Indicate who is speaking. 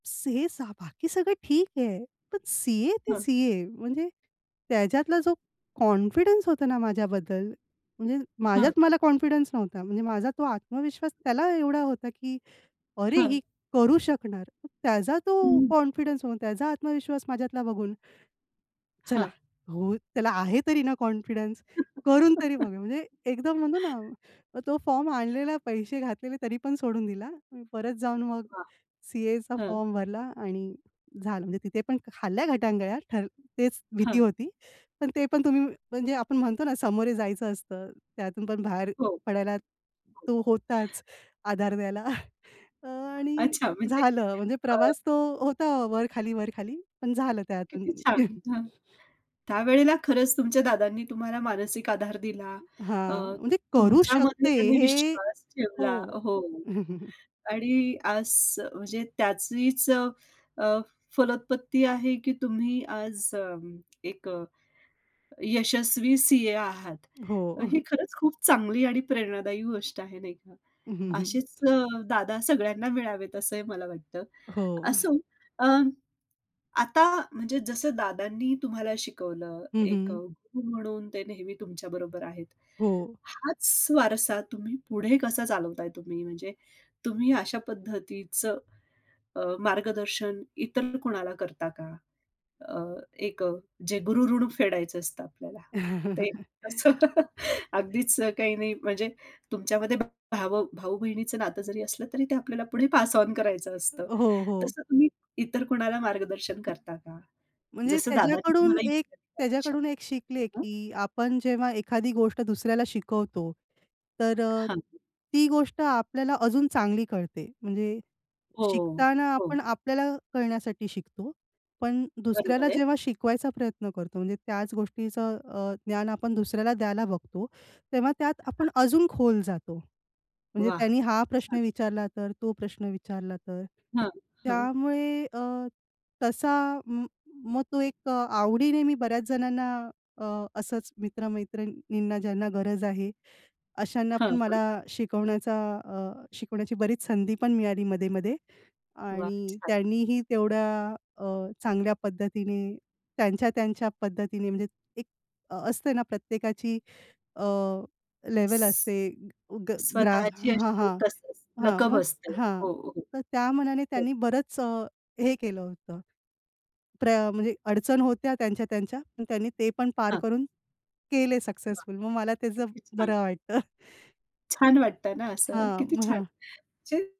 Speaker 1: [unintelligible] बाकी सगळं ठीक आहे. पण सी-ए ते
Speaker 2: हां.
Speaker 1: सी-ए. म्हणजे त्याच्यातला जो कॉन्फिडन्स होता ना माझ्याबद्दल, म्हणजे
Speaker 2: हां.
Speaker 1: माझ्यात मला कॉन्फिडन्स नव्हता. म्हणजे माझा तो आत्मविश्वास त्याला एवढा होता की "अरे ही
Speaker 2: हां.
Speaker 1: करू शकणार." मग त्याचा तो
Speaker 2: हं.
Speaker 1: कॉन्फिडन्स, मग त्याचा आत्मविश्वास माझ्यातला बघून चला,
Speaker 2: हां.
Speaker 1: हो त्याला आहे तरी ना कॉन्फिडन्स करून तरी बघू. म्हणजे एकदम म्हणतो ना, तो फॉर्म
Speaker 2: हां.
Speaker 1: आणलेला पैसे घातलेले, तरी पण सोडून दिला. परत जाऊन मग
Speaker 2: हां,
Speaker 1: सी-एचा
Speaker 2: हां.
Speaker 1: फॉर्म भरला आणि झालं. म्हणजे तिथे पण खाल्ल्या घटांगळ्या, तर तेच भीती
Speaker 2: हां.
Speaker 1: होती. तर ते पण तुम्ही म्हणजे आपण म्हणतो ना, समोरे जायचं असतं. त्यातून पण बाहेर
Speaker 2: हो.
Speaker 1: पडायला तो होताच आधार द्यायला अ, आणि
Speaker 2: अच्छा. म्हणजे
Speaker 1: झालं म्हणजे
Speaker 2: अ
Speaker 1: प्रवास तो होता वर खाली, वर खाली पण झालं त्यातून.
Speaker 2: किती छान. हां. त्यावेळेला खरंच तुमच्या दादांनी तुम्हाला मानसिक आधार दिला. अ,
Speaker 1: हां, म्हणजे करू
Speaker 2: तुमच्यामध्ये
Speaker 1: शकते.
Speaker 2: त्यांनी
Speaker 1: हे,
Speaker 2: विश्वास ठेवला.
Speaker 1: हो.
Speaker 2: हो आणि आज म्हणजे त्याचीच अ, अ, फलोत्पत्ती आहे की तुम्ही आज अ, एक अ, यशस्वी सी-ए आहात.
Speaker 1: हो.
Speaker 2: ही खरंच खूप चांगली आणि प्रेरणादायी गोष्ट आहे नाही का.
Speaker 1: हं, हं.
Speaker 2: असेच अ, दादा सगळ्यांना मिळावेत असंही मला वाटतं.
Speaker 1: हो.
Speaker 2: असो अ, आता म्हणजे जसं दादांनी तुम्हाला शिकवलं,
Speaker 1: हं,
Speaker 2: एक अ,
Speaker 1: हं.
Speaker 2: गुरु म्हणून ते नेहमी तुमच्या बरोबर आहेत.
Speaker 1: हो.
Speaker 2: हाच वारसा तुम्ही पुढे कसा चालवताय तुम्ही? म्हणजे तुम्ही अशा पद्धतीचं अ, मार्गदर्शन इतर कुणाला करता का? अ, एक जे गुरु ऋण फेडायचं असतं आपल्याला. ते असं अगदीच काही नाही म्हणजे तुमच्यामध्ये भाव भाऊ-बहिणीचं नातं जरी असलं, तरी ते आपल्याला पुढे पास ओन करायचं असतं.
Speaker 1: हो, हो.
Speaker 2: तसं तुम्ही इतर कोणाला मार्गदर्शन करता का?
Speaker 1: म्हणजे
Speaker 2: जसं दादांनी
Speaker 1: त्याच्याकडून
Speaker 2: तुम्हाला
Speaker 1: एक,
Speaker 2: इतकं
Speaker 1: त्याच्याकडून
Speaker 2: [unintelligible]
Speaker 1: एक शिकले,
Speaker 2: हं.
Speaker 1: की आपण जेव्हा एखादी गोष्ट दुसऱ्याला शिकवतो, तर अ,
Speaker 2: हां.
Speaker 1: ती गोष्ट आपल्याला अजून चांगली कळते. म्हणजे
Speaker 2: हो,
Speaker 1: शिकताना
Speaker 2: हो.
Speaker 1: आपण आपल्याला कळण्यासाठी शिकतो. पण दुसऱ्याला
Speaker 2: बरोबर आहे.
Speaker 1: जेव्हा शिकवायचा प्रयत्न करतो. म्हणजे त्याच गोष्टीचं अ, ज्ञान आपण दुसऱ्याला द्यायला बघतो. तेव्हा त्यात
Speaker 2: हां.
Speaker 1: आपण अजून खोल जातो. म्हणजे
Speaker 2: वाह!
Speaker 1: "त्यांनी हा प्रश्न
Speaker 2: छान.
Speaker 1: विचारला तर? तो प्रश्न विचारला तर?"
Speaker 2: हां, हां.
Speaker 1: त्यामुळे अ, तसा म मग तो एक आवडीने मी बऱ्याच जणांना अ, असंच मित्र-मैत्रिणींना ज्यांना गरज आहे, अशांना पण
Speaker 2: हां, हां.
Speaker 1: मला शिकवण्याचा अ, शिकवण्याची बरीच संधी पण मिळाली मध्ये-मध्ये
Speaker 2: वाह!
Speaker 1: आणि
Speaker 2: छान.
Speaker 1: त्यांनीही तेवढ्या अ, चांगल्या पद्धतीने त्यांच्या, त्यांच्या पद्धतीने म्हणजे एक असते ना, प्रत्येकाची अ, लेव्हल असते ग ग्रा
Speaker 2: स्वतःची
Speaker 1: हां, हां,
Speaker 2: एक अशी
Speaker 1: हां.
Speaker 2: लकब
Speaker 1: मग
Speaker 2: बसते.
Speaker 1: हां.
Speaker 2: हो, हो.
Speaker 1: तर त्या मनाने
Speaker 2: हो.
Speaker 1: त्यांनी बरंच हे केलं होतं. प्रा म्हणजे अडचण होत्या त्यांच्या, त्यांच्या. पण त्यांनी ते पण पार
Speaker 2: हां.
Speaker 1: करून केले
Speaker 2: वाह!
Speaker 1: सक्सेसफुल. मग मला त्याचं
Speaker 2: किती छान.
Speaker 1: बरं वाटतं.
Speaker 2: छान वाटतं ना असं?
Speaker 1: हां,
Speaker 2: किती छान
Speaker 1: हां.
Speaker 2: म्हणजे